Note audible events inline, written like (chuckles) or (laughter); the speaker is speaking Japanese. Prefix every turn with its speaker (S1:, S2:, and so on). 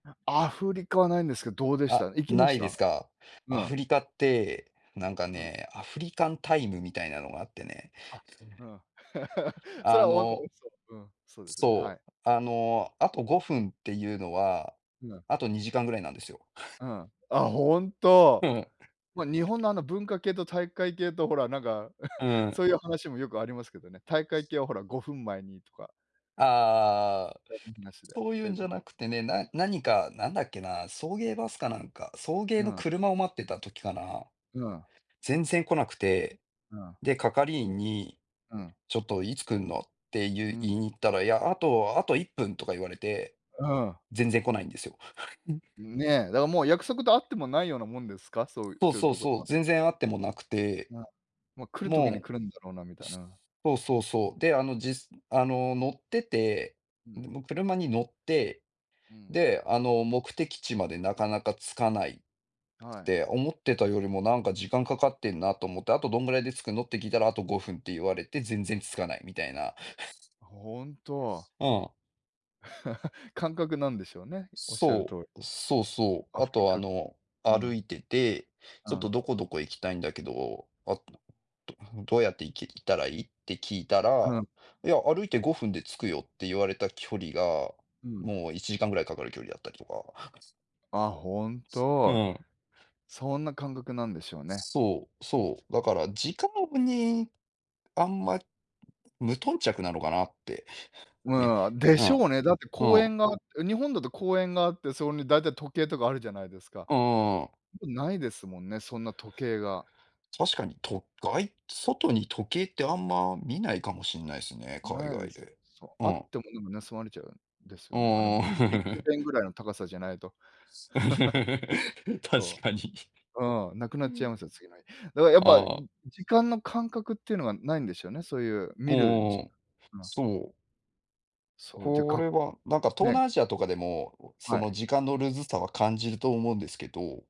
S1: なアフリカはないんですけど、どうでした？
S2: あ、
S1: 行きま
S2: な
S1: し
S2: いで
S1: た？
S2: すか？
S1: う
S2: ア
S1: ん。
S2: フリカって、なんか
S1: うん。
S2: ね、アフリカンタイムみたいなのがあってね。
S1: あ、う
S2: (unintelligible)
S1: ん。(laughs) それ
S2: あ
S1: は、おん (unintelligible)
S2: の、
S1: うん、そうですね、は
S2: そ
S1: い。
S2: う、あの、あと5分っていうのは、
S1: ひな
S2: あと2時間ぐらいなんですよ。(chuckles)
S1: うん。あ、本当。
S2: ふん、うん。
S1: ま、日本の、あの、文化系と体育会系と、ほら、なんか、
S2: うー
S1: (chuckles)
S2: ん。
S1: そういう話もよくありますけどね。体育会系は、ほら、5分前にとか。
S2: ああああああああああ。
S1: それ、意義なしで。
S2: そういう
S1: て、う
S2: ん
S1: ん。
S2: じゃなくてね、な何か、なんだっけな、送迎バスかなんか、送迎
S1: う
S2: の
S1: ん。
S2: 車を待ってた時かな、
S1: うん。
S2: 全然来なくて。
S1: うん。
S2: で、係員に
S1: うん。
S2: ちょっといつ来るのってい
S1: う
S2: う言
S1: ん。
S2: いに行ったら、いや、あとあと1分とか言われて、
S1: うん。
S2: 全然来ないんですよ。(chuckles)
S1: んね、だからもう約束とあってもないようなもんですか？そういう
S2: そう
S1: そういう
S2: そう
S1: とこで
S2: そ
S1: は。
S2: う、全然あってもなくて。
S1: うん。ま、来る時に
S2: もう
S1: 来るんだろうなみたいな。
S2: そうそうそう、で、あの、じあの、乗ってて、
S1: うん。
S2: もうの車に乗って、
S1: うん。
S2: で、あの、目的地までなかなか着かない
S1: はい。
S2: で、思ってたよりもなんか時間かかってんなと思って、あとどんぐらいで着くのって聞いたら、あと5分って言われて全然着かないみたいな。
S1: あ、本当。
S2: (chuckles) うん。
S1: (laughs) 感覚なんでしょうね、おっしゃる通
S2: そ
S1: り。
S2: う、そうそう。
S1: ア
S2: あ
S1: フリ
S2: と、あ
S1: カう
S2: の、歩
S1: ん。
S2: いてて、
S1: う
S2: ちょっと
S1: ん。
S2: どこどこ行きたいんだけど、あ、(unintelligible) どうやって行き行ったらいい？って聞いた
S1: うう
S2: ら、
S1: ん。
S2: いや、歩いて5分で着くよって言われた距離が、
S1: うん。
S2: もう1時間ぐらいかかる距離だったりとか。
S1: あ、本
S2: そう、う
S1: 当。
S2: ん。
S1: そんな感覚なんでしょうね。
S2: そう、そう、だから時間にあんま無頓着なのかなって。ね。
S1: うーん、で
S2: う
S1: し
S2: ん。
S1: ょうね。だって
S2: う
S1: 公
S2: ん。
S1: 園があって、日本だと公園があって、それに大体時計とかあるじゃないですか。
S2: うーん。
S1: 特にないですもんね、そんな時計が。
S2: 確かに、とがい外に時計ってあんま見ないかもしれないすね、海
S1: ないで
S2: 外
S1: す。
S2: で。
S1: そう、
S2: う
S1: あっ
S2: ん。
S1: てもでも盗まれちゃうんですよね。あの
S2: ああ。
S1: ビッグ
S2: (chuckles)
S1: ベンぐらいの高さじゃないと。
S2: (laughs)
S1: (chuckles)
S2: 確
S1: そ
S2: かに。
S1: う。うん、なくなっちゃいますよ、次の日。だからやっぱ
S2: ああ。
S1: 時間の感覚っていうのはないんでしょうね。そういう
S2: お
S1: 見
S2: お
S1: る
S2: おお
S1: じ
S2: おお。
S1: ん、ま
S2: そう。
S1: そう、で、
S2: こ
S1: が
S2: れは、なんか東
S1: ね。
S2: 南アジアとかでも、そ
S1: は
S2: の
S1: い。
S2: 時間のルーズさは感じると思うんですけど。